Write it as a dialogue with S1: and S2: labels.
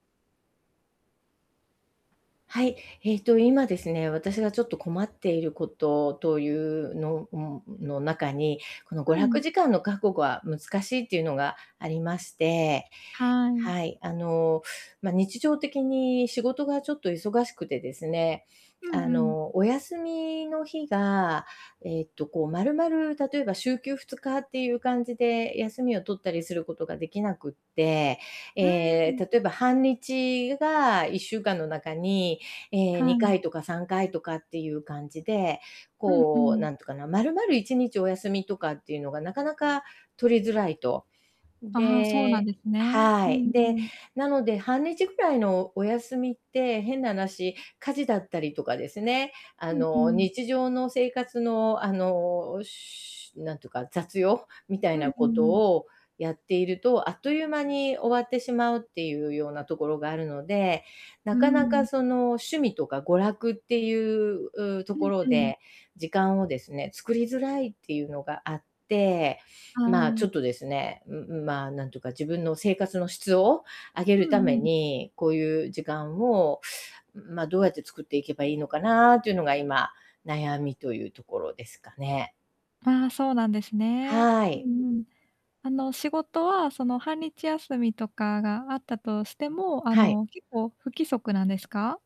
S1: はい、えっと今ですね、私がちょっと困っていること、という、のの中に、この娯
S2: う
S1: 楽
S2: ん。
S1: 時間の確保は難しいっていうのがありまして。
S2: はい。
S1: はい、あの、ま、日常的に仕事がちょっと忙しくてですね、
S2: うん
S1: あ
S2: うん。
S1: の、お休みの日が、えっとこうまるまる、例えば週休2日っていう感じで、休みを取ったりすることができなくって、え
S2: うー
S1: え、
S2: ん。
S1: 例えば半日が1週間の中に、ええ、
S2: は
S1: に
S2: い。
S1: かいとか3回とかっていう感じで、
S2: うんう
S1: こう
S2: ん。
S1: なんていうかな、丸々1日お休みとかっていうのがなかなか取りづらいと。
S2: ああ、そうなん
S1: で
S2: ですね。う
S1: はい。
S2: んう
S1: で、
S2: ん。
S1: なので半日ぐらいのお休みって、変な話、家事だったりとかですね、あ
S2: うんう
S1: の、
S2: ん。
S1: 日常の生活のあの、しゅなんていうか、雑用みた
S2: う
S1: い
S2: ん
S1: な
S2: う
S1: こと
S2: ん。
S1: をやっていると、あっという間に終わってしまうっていうようなところがあるので、
S2: う
S1: な
S2: ー
S1: かなか
S2: ん。
S1: その趣味とか娯楽っていう、と
S2: う
S1: こ
S2: ん
S1: ろ
S2: うん。
S1: で、時間をですね、作りづらいっていうのがあって。
S2: は
S1: ま、ちょ
S2: い。
S1: っとですね、うんうん、ま、なんというか自分の生活の質を上げる
S2: う
S1: た
S2: んう
S1: め
S2: ん。
S1: に、こういう時間を、ま、どうやって作っていけばいいのかなっていうのが今、悩みというところですかね。
S2: ああ、そうなんですね。
S1: は
S2: う
S1: い。
S2: んうん。あの、仕事はその半日休みとかがあったとしても、あ
S1: はい。
S2: の、結構不規則なんですか？